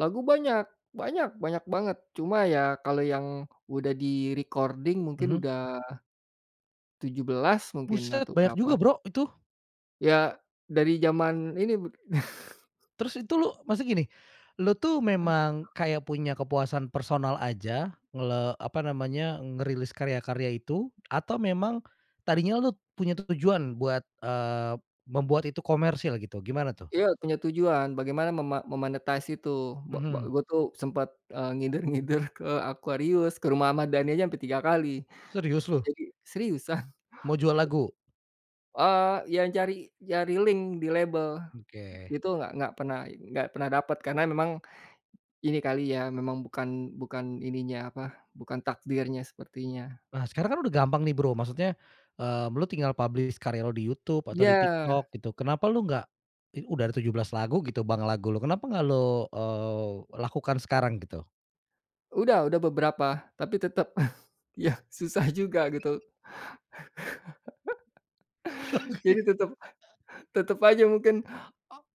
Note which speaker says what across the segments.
Speaker 1: Lagu banyak banyak banyak banget cuma ya kalau yang udah di-recording mungkin
Speaker 2: Mhm.
Speaker 1: udah 17 mungkin
Speaker 2: Buset
Speaker 1: atau
Speaker 2: banyak juga
Speaker 1: berapa.
Speaker 2: Bro, itu.
Speaker 1: Ya dari zaman ini b
Speaker 2: Terus itu lu maksudnya gini, lu tuh memang kayak punya kepuasan personal aja ngle apa namanya, ngerilis karya-karya itu atau memang tadinya lu punya tujuan buat, eee, membuat itu komersil gitu gimana tuh?
Speaker 1: Iya punya tujuan bagaimana mema me-monetize itu bak bak
Speaker 2: Mhm.
Speaker 1: gue tuh sempet, eee, ngider-ngider ke Aquarius, ke rumah Ahmad Dhani aja ampe 3 kali,
Speaker 2: Serius lu?
Speaker 1: jadi seriusan.
Speaker 2: Mau jual lagu?
Speaker 1: Eee, ya cari cari link di label,
Speaker 2: Oke.
Speaker 1: itu nggak nggak pernah pernah i nggak pernah dapet karena memang, ini kali ya memang bukan bukan ininya apa, bukan takdirnya sepertinya.
Speaker 2: Nah sekarang kan udah gampang nih Bro, maksudnya, eee, lu tinggal publish karya lu di YouTube atau di
Speaker 1: Iya.
Speaker 2: TikTok gitu kenapa lu nggak, i udah ada 17 lagu gitu Bang, lagu lu kenapa nggak lu, eee, lakukan sekarang gitu.
Speaker 1: Udah udah beberapa, tapi tetep ya susah juga gitu. Jadi tetep tetep aja mungkin,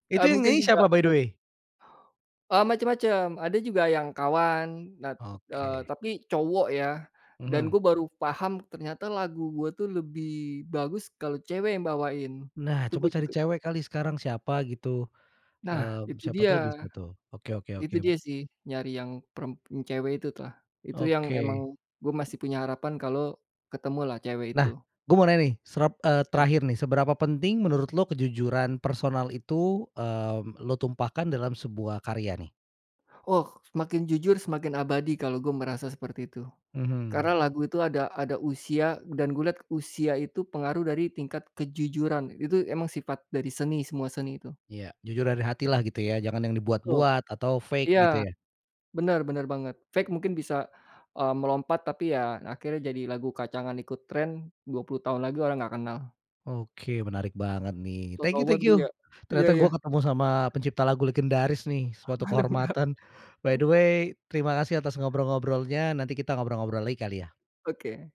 Speaker 2: Itu
Speaker 1: eee,
Speaker 2: yang
Speaker 1: mungkin
Speaker 2: nyanyi
Speaker 1: juga
Speaker 2: siapa by the
Speaker 1: kan
Speaker 2: way?
Speaker 1: Eee, macam-macam ada juga yang kawan nah, eee,
Speaker 2: Oke.
Speaker 1: tapi cowok ya, dan
Speaker 2: Mhm.
Speaker 1: gue baru paham ternyata lagu gue tuh lebih bagus kalau cewek yang bawain,
Speaker 2: Nah
Speaker 1: itu
Speaker 2: coba
Speaker 1: gue
Speaker 2: cari
Speaker 1: juga
Speaker 2: cewek kali sekarang siapa gitu,
Speaker 1: Nah
Speaker 2: eee,
Speaker 1: itu
Speaker 2: siapa
Speaker 1: dia
Speaker 2: tuh bisa tuh, oke oke
Speaker 1: itu
Speaker 2: oke.
Speaker 1: dia sih nyari yang perem yang cewek itulah, itu yang emang
Speaker 2: Oke.
Speaker 1: gue masih punya harapan kalau ketemulah cewek itu.
Speaker 2: Nah, gua mau nanya nih srep eee,
Speaker 1: Ya.
Speaker 2: terakhir nih seberapa penting menurut lu kejujuran personal itu, eee, lu tumpahkan dalam sebuah karya nih?
Speaker 1: Oh semakin jujur semakin abadi kalau gua merasa seperti itu,
Speaker 2: Mhm.
Speaker 1: karena lagu itu ada ada usia dan gua lihat usia itu pengaruh dari tingkat kejujuran itu emang sifat dari seni semua seni itu.
Speaker 2: Iya jujur dari hatilah gitu ya jangan yang
Speaker 1: Betul,
Speaker 2: dibuat-buat atau fake gitu
Speaker 1: iya,
Speaker 2: ya.
Speaker 1: bener bener banget fake mungkin bisa, eee, melompat tapi ya akhirnya jadi lagu kacangan ikut tren 20 tahun lagi orang nggak kenal.
Speaker 2: Oke menarik banget nih
Speaker 1: Sok
Speaker 2: thank
Speaker 1: tahu
Speaker 2: you
Speaker 1: banget
Speaker 2: thank
Speaker 1: gua
Speaker 2: you,
Speaker 1: ya, iya
Speaker 2: ternyata
Speaker 1: iya.
Speaker 2: gua ketemu sama pencipta lagu legendaris nih suatu kehormatan, by the way
Speaker 1: [unintelligible]
Speaker 2: terima kasih atas ngobrol-ngobrolnya nanti kita ngobrol-ngobrol lagi kali ya.
Speaker 1: Oke.